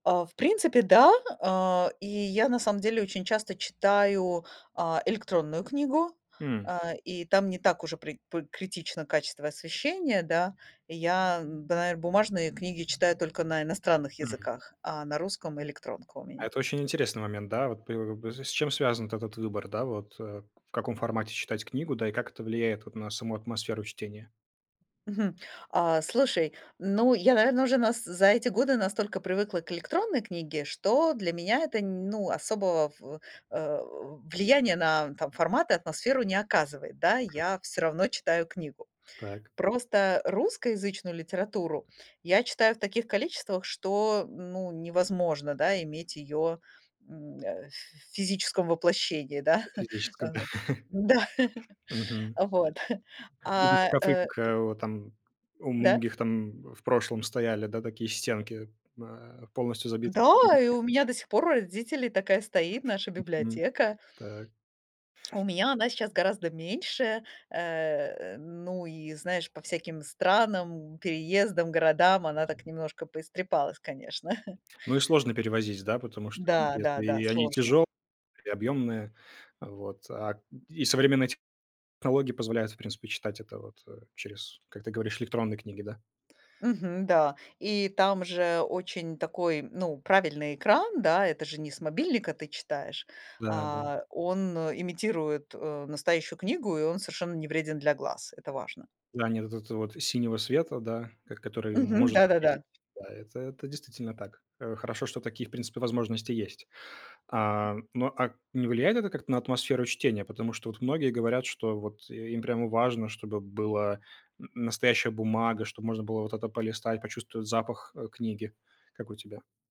А, в принципе, да, э. И я, на самом деле, очень часто читаю, а, электронную книгу, М. э, и там не так уже при п критично качество освещения, да. Я, да, наверно, бумажные книги читаю только на иностранных Мгм. языках, а на русском электронка у А меня. это очень интересный момент, да, вот п и, с чем связан вот этот выбор, да, вот э, в каком формате читать книгу, да, и как это влияет вот на саму атмосферу чтения? Мгм. А слушай, ну я, наверное, уже за эти годы настолько привыкла к электронной книге, что для меня это нь ну, особого в э, влияния на фо формат и атмосферу не оказывает. Да, я всё равно читаю книгу. Так. Просто русскоязычную литературу я читаю в таких количествах, что, ну, невозможно, да, иметь ее м, э, ф физическом воплощении, да, э, Физическом. да, Мгм. а, вот, Будут а, шкафы э, как, к э, о там. У Да. многих там, м, в прошлом стояли, да, такие стенки, э, м, а, полностью забиты.. Да, и [unintelligible] у меня до сих пор у родителей такая стоит наша Мгм. библиотека. Так. У меня она сейчас гораздо меньше, э. Ну и, знаешь, по всяким странам, м, переездам, городам она так немножко поистрепалась, конечно. Ну, их сложно перевозить, да, потому что, Да [unintelligible] да да, и они сложно. тяжёлые и объёмные, вот. А, м, и современные технологии позволяют, в принципе, читать это вот, э, через, как ты говоришь, электронные книги, да? Мгм. Да, и там же очень такой, ну, правильный экран, да. Это же не с мобильника ты читаешь. Да да. А он, э, имитирует, э, настоящую книгу, и он совершенно не вреден для глаз. Это важно. Да, нет вот этого вот синего света, да, который Мгм, может навредить. да-да-да. Да, это это действительно так. Э, хорошо, что такие, в принципе, возможности есть. А, но, а, не влияет это как-то на атмосферу чтения, потому что вот многие говорят, что вот им прямо важно, чтобы была н настоящая бумага, чтобы можно было вот это полистать, почувствовать запах, э, книги. Как у тебя?